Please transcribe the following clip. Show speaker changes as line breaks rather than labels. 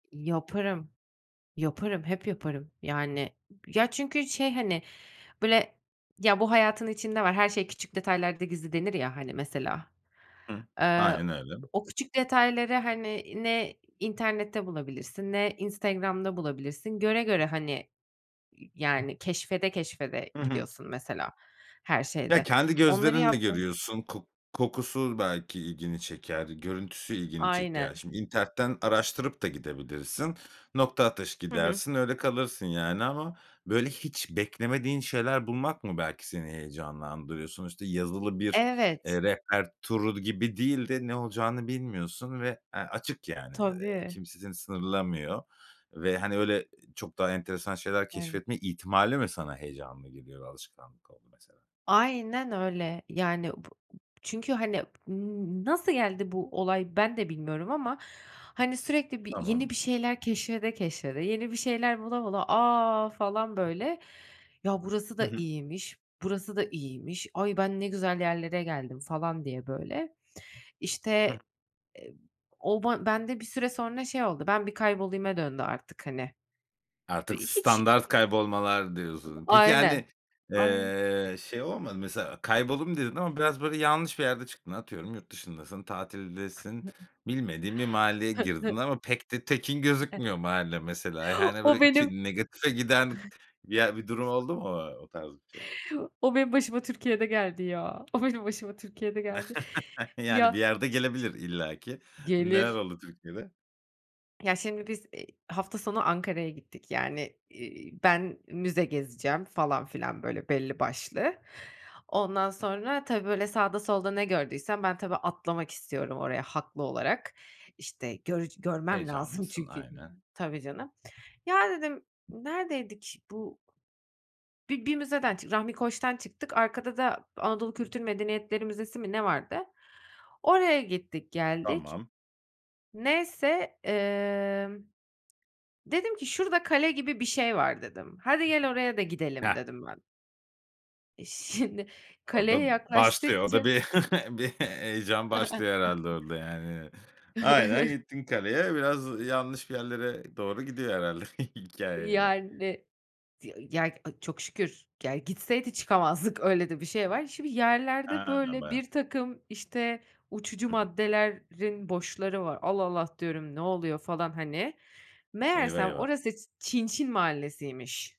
Yaparım, yaparım, hep yaparım, yani. Ya çünkü şey, hani, böyle, "Ya, bu hayatın içinde var, her şey küçük detaylarda gizli." denir ya. Hani, mesela,
Hımm,
eee,
aynen öyle.
o küçük detayları, hani, ne internette bulabilirsin ne Instagram'da bulabilirsin. Göre göre, hani, yani, keşfede keşfede
Hı hı.
gidiyorsun, mesela, her
Ya,
şeyde.
kendi
Onları
gözlerinle
yapmaya
görüyorsun. Kok kokusu belki ilgini çeker. Görüntüsü ilgini çeker.
Aynen.
Şimdi internetten araştırıp da gidebilirsin. Nokta atışı
Hı hı.
gidersin. Öyle kalırsın, yani, ama böyle hiç beklemediğin şeyler bulmak mı belki seni heyecanlandırıyor? Sonuçta yazılı bir,
Evet.
eee, rehber turu gibi değil de ne olacağını bilmiyorsun ve, eee, açık, yani. Eee,
Tabii.
kimse seni sınırlamıyor ve, hani, öyle çok daha enteresan şeyler
Evet.
keşfetme ihtimali mi sana heyecanlı geliyor? Alışkanlık oldu mesela.
Aynen öyle. Yani b çünkü hani, m nasıl geldi bu olay ben de bilmiyorum ama hani sürekli bir yeni
Tamam.
bir şeyler keşfede keşfede, yeni bir şeyler bula bula, a falan böyle, ya burası
Hı
da
hı.
iyiymiş, burası da iyiymiş, ay ben ne güzel yerlere geldim, falan diye böyle.
Hıh.
İşte, eee, o ban bende bir süre sonra şey oldu, ben bir kaybolayıma döndü artık hani,
Artık
iii, hiç
standart kaybolmalar diyorsun. Peki,
Aynen,
hani,
aynen.
eee, şey olmadı mı mesela? Kayboldum dedin ama biraz böyle yanlış bir yerde çıktın. Atıyorum yurt dışındasın, tatildesin. Bilmediğin bir mahalleye girdin ama pek de tekin gözükmüyor mahalle mesela.
[unintelligible]
Yani
O
böyle
benim
ki negatife giden ya bir ye durum oldu mu, ooo, o tarz bir şey?
O benim başıma Türkiye'de geldi ya. O benim başıma Türkiye'de geldi.
Yani bir
Ya
yerde gelebilir illaki.
ş ç
Neler
gelir.
oldu Türkiye'de?
Ya şimdi biz, eee, hafta sonu Ankara'ya gittik. Yani, iii, ben müze gezeceğim falan filan böyle belli başlı. Ondan
Hıh.
sonra, tabii böyle sağda solda ne gördüysem, ben tabii atlamak istiyorum oraya haklı olarak. İşte, görc görmem lazım
Heyecanlısın
çünkü.
aynen.
Tabii canım. Ya dedim, neredeydik? Bu bir bir müzeden çıktık, Rahmi Koç'tan çıktık, arkada da Anadolu Kültür Medeniyetleri Müzesi mi ne vardı. Oraya gittik geldik.
Tamam.
Neyse, emm, dedim ki "şurada kale gibi bir şey var" dedim. "Hadi gel oraya da gidelim"
Heh.
dedim ben. Eee, şimdi
Orada
kaleye
başlıyor. O da
yaklaştıkça
bir bir heyecan başlıyor herhâlde orada yani. Aynen gittin kaleye. Biraz yanlış bir yerlere doğru gidiyor herhâlde hikâye.
Yani, tı ya, aaa, çok şükür, ya gitseydi çıkamazdık öyle de bir şey var. Şimdi yerlerde
He,
böyle
bayağı.
birtakım, işte, uçucu
Hı hı.
maddelerin boşları var Allah Allah diyorum ne oluyor falan, hani,
Eyvah
meğersem
eyvah.
orası Çinçin Mahallesi'ymiş.